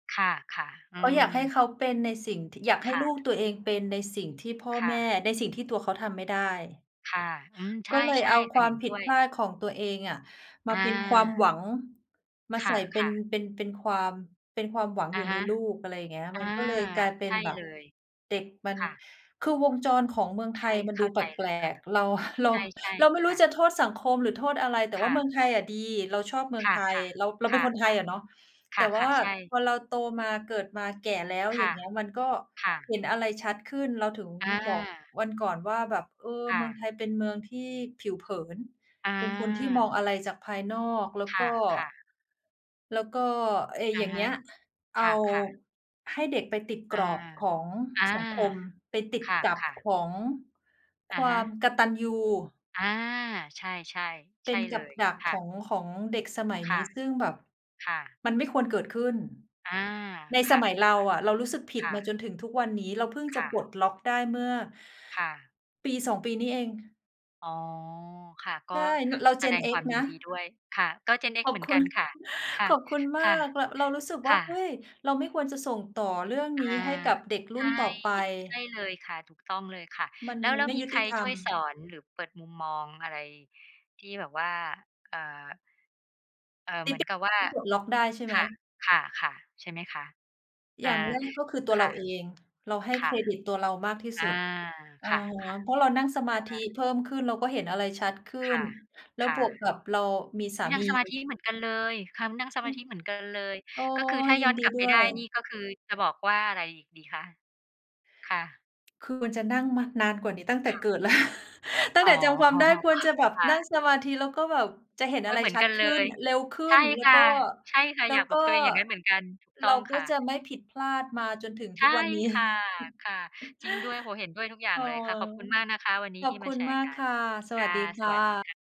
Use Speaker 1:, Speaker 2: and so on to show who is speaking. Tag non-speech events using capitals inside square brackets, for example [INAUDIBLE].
Speaker 1: ค่ะ ๆ อ
Speaker 2: ก
Speaker 1: ื
Speaker 2: ็อยา
Speaker 1: ม
Speaker 2: กให้เขาเป็นในสิ่งที่ อยากให
Speaker 1: ค
Speaker 2: ้
Speaker 1: ่
Speaker 2: ลูก
Speaker 1: ะ
Speaker 2: ตัวเองเป็นในสิ่งที่พ่อ
Speaker 1: ค่
Speaker 2: แม่
Speaker 1: ะ
Speaker 2: ในสิ่งที่ตัวเขาทำไม่ได้
Speaker 1: ค่ะ อืม ใช
Speaker 2: ก
Speaker 1: ่
Speaker 2: ็เลย
Speaker 1: ใช่
Speaker 2: เอา
Speaker 1: ค
Speaker 2: ค
Speaker 1: ่ะ
Speaker 2: วา
Speaker 1: เห็
Speaker 2: ม
Speaker 1: น
Speaker 2: ผ
Speaker 1: ด้
Speaker 2: ิด
Speaker 1: ว
Speaker 2: พ
Speaker 1: ย
Speaker 2: ลาดของตัวเองอะม
Speaker 1: อ
Speaker 2: าเ
Speaker 1: า
Speaker 2: ป็นความหวัง มา
Speaker 1: ค
Speaker 2: ใส่เป็
Speaker 1: ่
Speaker 2: น
Speaker 1: ะ ๆ
Speaker 2: เป็น เป็นความ เป็นความหวัง
Speaker 1: อ
Speaker 2: อ
Speaker 1: ะ
Speaker 2: ยู่
Speaker 1: ฮ
Speaker 2: ใน
Speaker 1: ะ
Speaker 2: ลูก อะไรอย่างเงี้ย
Speaker 1: อ
Speaker 2: ม
Speaker 1: า
Speaker 2: ันก็เลยกลายเป็
Speaker 1: ใช
Speaker 2: น
Speaker 1: ่
Speaker 2: แบบ
Speaker 1: เลย
Speaker 2: เด็กมัน
Speaker 1: ค่ะ
Speaker 2: คือวงจรของเมืองไ
Speaker 1: ใช
Speaker 2: ท
Speaker 1: ่
Speaker 2: ยมัน
Speaker 1: เข
Speaker 2: ด
Speaker 1: ้
Speaker 2: ู
Speaker 1: า
Speaker 2: แป
Speaker 1: ใจเล
Speaker 2: ล
Speaker 1: ยค
Speaker 2: ก ๆ เรา ห
Speaker 1: ่ะ
Speaker 2: เรา
Speaker 1: ใช่
Speaker 2: เราไม่
Speaker 1: ๆ
Speaker 2: รู
Speaker 1: ค
Speaker 2: ้
Speaker 1: ่
Speaker 2: จ
Speaker 1: ะ
Speaker 2: ะโทษสังคมหรือโทษอะไร แต่
Speaker 1: ค
Speaker 2: ว่า
Speaker 1: ่
Speaker 2: เม
Speaker 1: ะ
Speaker 2: ืองไทยอะดี เราชอบเมือ
Speaker 1: ค
Speaker 2: งไ
Speaker 1: ่ะ
Speaker 2: ทย เรา เรา
Speaker 1: ๆ ค
Speaker 2: เป็
Speaker 1: ่
Speaker 2: น
Speaker 1: ะ
Speaker 2: คนไทยอะเนาะ
Speaker 1: ๆ
Speaker 2: แ
Speaker 1: ค
Speaker 2: ต่
Speaker 1: ่
Speaker 2: ว่า
Speaker 1: ะ ๆ ใช่
Speaker 2: พอเราโตมา เกิดมา แก่แล้ว
Speaker 1: ค
Speaker 2: อย่
Speaker 1: ่
Speaker 2: า
Speaker 1: ะ
Speaker 2: งเงี้ย มันก็
Speaker 1: ค่
Speaker 2: เ
Speaker 1: ะ
Speaker 2: ห็นอะไรชัดขึ้น เราถึง
Speaker 1: อา
Speaker 2: บอกวันก่อนว่าแบบ "เออ
Speaker 1: ค่
Speaker 2: เมืองไ
Speaker 1: ะ
Speaker 2: ทยเป็นเมืองที่ผิวเผิน
Speaker 1: อ
Speaker 2: เป็นคนที่มอง
Speaker 1: า
Speaker 2: อะไรจากภายนอก แล้วก็
Speaker 1: ค่ะ ๆ
Speaker 2: แล้วก็" ไอ้
Speaker 1: อ
Speaker 2: อ
Speaker 1: ะ
Speaker 2: ย่าง
Speaker 1: ฮ
Speaker 2: เงี
Speaker 1: ะ
Speaker 2: ้ย เอ
Speaker 1: ค
Speaker 2: า
Speaker 1: ่ะ ๆ
Speaker 2: ให้เด็กไปติด
Speaker 1: อ
Speaker 2: ก
Speaker 1: า
Speaker 2: รอบของ
Speaker 1: อา
Speaker 2: สังคม ไปติด
Speaker 1: ค
Speaker 2: กับ
Speaker 1: ่ะ
Speaker 2: ข
Speaker 1: ๆ
Speaker 2: องค
Speaker 1: อะ
Speaker 2: ว
Speaker 1: ฮ
Speaker 2: าม
Speaker 1: ะ
Speaker 2: กตัญญู
Speaker 1: อา ใช่
Speaker 2: เ
Speaker 1: ๆ ใ
Speaker 2: ป
Speaker 1: ช
Speaker 2: ็
Speaker 1: ่
Speaker 2: นก
Speaker 1: เ
Speaker 2: ั
Speaker 1: ล
Speaker 2: บ
Speaker 1: ย
Speaker 2: ดัก
Speaker 1: ค
Speaker 2: ข
Speaker 1: ่
Speaker 2: อ
Speaker 1: ะ
Speaker 2: ง ของเด็กสมัย
Speaker 1: ค
Speaker 2: นี้
Speaker 1: ่ะ
Speaker 2: ซึ่งแบบ
Speaker 1: ค่ะ
Speaker 2: มันไม่ควรเกิดขึ้น
Speaker 1: อา
Speaker 2: ใน
Speaker 1: ค
Speaker 2: ส
Speaker 1: ่ะ
Speaker 2: มัยเราอะ เรารู้สึกผิด
Speaker 1: ค่ะ ค่
Speaker 2: มาจ
Speaker 1: ะ
Speaker 2: นถึงทุกวันนี้ เราเพิ่งจ
Speaker 1: ค
Speaker 2: ะ
Speaker 1: ่
Speaker 2: ปล
Speaker 1: ะ
Speaker 2: ดล็อกได้เมื่อ
Speaker 1: ค่ะ
Speaker 2: ปี 2 ปีนี้เอง
Speaker 1: อ๋อ ค่ะ ก
Speaker 2: ใช
Speaker 1: ็
Speaker 2: ่ น เรา
Speaker 1: แสด
Speaker 2: Gen
Speaker 1: งควา
Speaker 2: X
Speaker 1: มยิ
Speaker 2: น
Speaker 1: น
Speaker 2: ะ
Speaker 1: ดีด้วยค่ะ ก็ Gen
Speaker 2: ข
Speaker 1: X
Speaker 2: อ
Speaker 1: เห
Speaker 2: บ
Speaker 1: มือ
Speaker 2: ค
Speaker 1: น
Speaker 2: ุ
Speaker 1: กั
Speaker 2: ณ
Speaker 1: นค่ะ
Speaker 2: [CHUCKLES]
Speaker 1: ค่
Speaker 2: ข
Speaker 1: ะ
Speaker 2: อบคุณมา
Speaker 1: ค่ะ
Speaker 2: ก เรา เรารู้สึกว
Speaker 1: ค
Speaker 2: ่า
Speaker 1: ่
Speaker 2: "เฮ้
Speaker 1: ะ
Speaker 2: ย เราไม่ควรจะส่งต่อเรื่อง
Speaker 1: อ
Speaker 2: นี้
Speaker 1: า
Speaker 2: ให้กับเด็กรุ
Speaker 1: ใช
Speaker 2: ่น
Speaker 1: ่
Speaker 2: ต่อไป"
Speaker 1: ใช่เลยค่ะ ถูกต้องเลยค่ะ
Speaker 2: มัน
Speaker 1: แล้ว
Speaker 2: มั
Speaker 1: แล
Speaker 2: น
Speaker 1: ้ว
Speaker 2: ไม่
Speaker 1: มี
Speaker 2: ยุ
Speaker 1: ใค
Speaker 2: ติ
Speaker 1: ร
Speaker 2: ธร
Speaker 1: ช
Speaker 2: ร
Speaker 1: ่ว
Speaker 2: ม
Speaker 1: ยสอนหรือเปิดมุมมองอะไรที่แบบว่า เอ่อ เอ่อ
Speaker 2: เด
Speaker 1: เหมื
Speaker 2: เ
Speaker 1: อ
Speaker 2: ด
Speaker 1: นกับว่า
Speaker 2: เพิ่งปลดล็อกได้ใช่ไห
Speaker 1: ค
Speaker 2: ม?
Speaker 1: ่ะ ค่ะ ๆ ใช่ไหมคะ
Speaker 2: อย
Speaker 1: อ
Speaker 2: ่
Speaker 1: า
Speaker 2: าง แรกก็คือตัว
Speaker 1: ค
Speaker 2: เร
Speaker 1: ่
Speaker 2: า
Speaker 1: ะ
Speaker 2: เอง เราให้
Speaker 1: ค
Speaker 2: เค
Speaker 1: ่ะ
Speaker 2: รดิตตัวเรามากที่
Speaker 1: อ
Speaker 2: ส
Speaker 1: า
Speaker 2: ุด อะ
Speaker 1: ค่ะ
Speaker 2: ฮะ เพ
Speaker 1: ๆ
Speaker 2: ราะเรานั่งสมาธ
Speaker 1: อ
Speaker 2: ิ
Speaker 1: า
Speaker 2: เพิ่มขึ้น เราก็เห็นอะไรชัดขึ้
Speaker 1: ค
Speaker 2: น
Speaker 1: ่ะ
Speaker 2: แล้ว
Speaker 1: ค่
Speaker 2: บ
Speaker 1: ะ
Speaker 2: วกกับเรามีส
Speaker 1: อุ
Speaker 2: า
Speaker 1: ๊ย! น
Speaker 2: ม
Speaker 1: ั่
Speaker 2: ี
Speaker 1: งสมาธิเหมือนกันเลย ค นั่ง
Speaker 2: [UNINTELLIGIBLE] ใช
Speaker 1: สม
Speaker 2: ่
Speaker 1: าธิ
Speaker 2: ค่
Speaker 1: เหมือนกันเลย
Speaker 2: ะ โอ้
Speaker 1: ก็คือถ้า
Speaker 2: ย
Speaker 1: ย
Speaker 2: ิ
Speaker 1: ้อ
Speaker 2: น
Speaker 1: น
Speaker 2: ด
Speaker 1: ก
Speaker 2: ี
Speaker 1: ลับไ
Speaker 2: ด
Speaker 1: ป
Speaker 2: ้ว
Speaker 1: ได
Speaker 2: ย
Speaker 1: ้นี่ ก็คือจะบอกว่าอะไรอีกดีคะ? ค่ะ
Speaker 2: คือจะนั่งมานานกว่านี้ ตั้งแต
Speaker 1: ค
Speaker 2: ่
Speaker 1: ่
Speaker 2: เก
Speaker 1: ะ
Speaker 2: ิดแล้ว [CHUCKLES] ตั้
Speaker 1: อ
Speaker 2: ง
Speaker 1: ๋
Speaker 2: แ
Speaker 1: อ
Speaker 2: ต่จำความได้ควรจะแบบ
Speaker 1: ค่
Speaker 2: นั่ง
Speaker 1: ะ
Speaker 2: สมาธิ แล้วก็แบบจะเห็น
Speaker 1: โอ
Speaker 2: อ
Speaker 1: ๊
Speaker 2: ะ
Speaker 1: ย
Speaker 2: ไร
Speaker 1: เหมือน
Speaker 2: ชั
Speaker 1: ก
Speaker 2: ด
Speaker 1: ัน
Speaker 2: ข
Speaker 1: เล
Speaker 2: ึ้น
Speaker 1: ย
Speaker 2: อะ เร็วขึ้
Speaker 1: ใช่
Speaker 2: น แล้
Speaker 1: ค
Speaker 2: ว
Speaker 1: ่
Speaker 2: ก
Speaker 1: ะ
Speaker 2: ็
Speaker 1: ใช่ค่ะ
Speaker 2: แล้
Speaker 1: อย
Speaker 2: ว
Speaker 1: ากบ
Speaker 2: ก
Speaker 1: อ
Speaker 2: ็
Speaker 1: กตัวเองอย่างงั้นเหมือนกัน ถูก
Speaker 2: เ
Speaker 1: ต
Speaker 2: ร
Speaker 1: ้
Speaker 2: า
Speaker 1: อง
Speaker 2: ก
Speaker 1: ค
Speaker 2: ็
Speaker 1: ่
Speaker 2: จะ
Speaker 1: ะ
Speaker 2: ไม่ผิดพลาดมาจนถึง
Speaker 1: ใช
Speaker 2: ทุ
Speaker 1: ่
Speaker 2: กวันนี้
Speaker 1: ค่ะ ค่ะ จริงด้วย โอ้โฮ เห็นด้วยทุกอย่า
Speaker 2: อ
Speaker 1: ง
Speaker 2: ๋อ
Speaker 1: เลยค่ะ ขอบคุณมากนะคะวันนี้
Speaker 2: ขอ
Speaker 1: ท
Speaker 2: บ
Speaker 1: ี่
Speaker 2: ค
Speaker 1: มา
Speaker 2: ุ
Speaker 1: แ
Speaker 2: ณ
Speaker 1: ช
Speaker 2: ม
Speaker 1: ร
Speaker 2: า
Speaker 1: ์
Speaker 2: ก
Speaker 1: กั
Speaker 2: ค
Speaker 1: น
Speaker 2: ่ะ ส
Speaker 1: ค
Speaker 2: วั
Speaker 1: ่ะ
Speaker 2: สดีค
Speaker 1: ส
Speaker 2: ่
Speaker 1: วัสดี
Speaker 2: ะ
Speaker 1: ค่ะ